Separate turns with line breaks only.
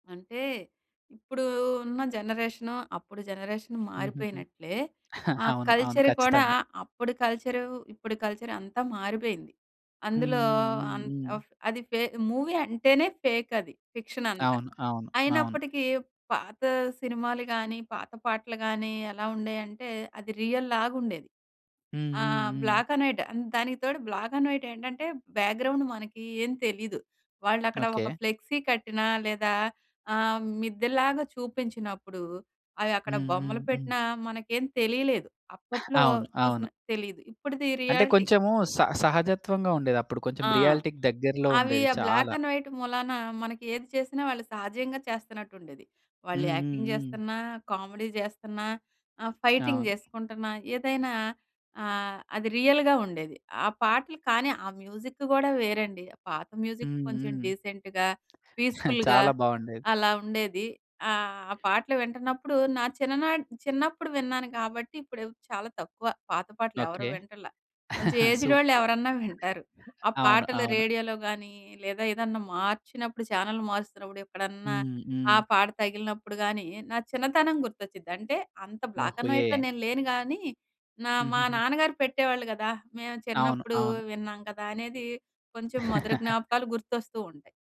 అంటే, ఇప్పుడు ఉన్న జనరేషన్ అప్పుడు జనరేషన్
హుహుహు.
మారిపోయినట్లే, ఆ
అవును, అవును.
కల్చర్ కూడా,
ఖచ్చితంగా!
అప్పుడు కల్చరూ, ఇప్పుడు కల్చర్ అంతా మారిపోయింది.
హ్మ్,
అందులో
హ్మ్. హ్మ్,
అం
హ్మ్.
ఫ్ అది ఫే మూవీ అంటేనే ఫేక్ అది. ఫిక్షన్ అంతా.
అవును, అవును, అవును.
అయినప్పటికీ పాత సినిమాలు కానీ, పాత పాటలు కానీ, ఎలా ఉండేయంటే, అది రియల్లాగా ఉండేది.
హ్మ్, హ్మ్,
ఆహ్
హ్మ్.
Black and white. ఆహ్, దానికి తోడు, బ్లాక్ అండ్ వైట్ ఏంటంటే, బ్యాక్‌గ్రౌండ్ మనకి ఏం తెలీదు. వాళ్ళు అక్కడ ఒక
ఓకే.
ఫ్లెక్సీ కట్టినా లేదా ఆహ్, మిద్దెలాగా చూపించినప్పుడు, అవి అక్కడ
హ్మ్, హ్మ్,
బొమ్మలు
హ్మ్.
పెట్టినా మనకేం తెలియలేదు. అప్పట్లో
అవును, అవును.
చూసిన తెలీదు. ఇప్పటిది
అంటే
రియాలిటీ
కొంచెము, స సహజత్వంగా ఉండేది. అప్పుడు కొంచెం
ఆ!
రియాలిటీకి దగ్గరలో
అవి
ఉండేది
ఆ బ్లాక్
చాలా.
అండ్ వైట్ మూలాన, మనకి ఏది చేసినా వాళ్ళు సహజంగా చేస్తున్నట్టు ఉండేది. వాళ్ళు
హ్మ్, హ్మ్,
యాక్టింగ్
హ్మ్.
చేస్తున్నా, కామెడీ చేస్తున్నా, ఆహ్, ఫైటింగ్
అవును.
చేసుకుంటున్నా, ఏదైనా ఆహ్, అది రియల్‌గా ఉండేది. ఆ పాటలు కానీ, ఆ మ్యూజిక్ కూడా వేరండి. పాత మ్యూజిక్
హ్మ్,
కొంచెం
హ్మ్.
డీసెంట్‌గా, పీస్‌ఫుల్‌గా
చాలా బాగుండేది.
అలా ఉండేది. ఆహ్, పాటలు వింటున్నప్పుడు, నా చిన్ననాటి చిన్నప్పుడు విన్నాను కాబట్టి, ఇప్పుడు చాలా తక్కువ. పాత పాటలు ఎవరు
ఓకే.
వింటల్ల. కొంచెం ఏజ్డ్ వాళ్ళు
సూపర్.
ఎవరన్నా వింటారు. ఆ
అవును,
పాటలు
అవును.
రేడియోలో గాని, లేదా ఏదన్నా మార్చినప్పుడు ఛానెల్ మారుస్తున్నప్పుడు, ఎక్కడన్నా,
హ్మ్,
ఆ
హ్మ్.
పాట తగిలినప్పుడు గానీ, నా చిన్నతనం గుర్తొచ్చిద్ది. అంటే, అంత బ్లాక్
ఓహూ!
అండ్ వైట్‌లో
ఏ
నేను లేను GAనీ, నా
హ్మ్,
మా
హ్మ్, హ్మ్.
నాన్నగారు పెట్టేవాళ్ళు కదా! మేము
అవును,
చిన్నప్పుడు
అవును.
విన్నాం కదా, అనేది కొంచెం మధుర జ్ఞాపకాలు గుర్తొస్తూ ఉంటాయి.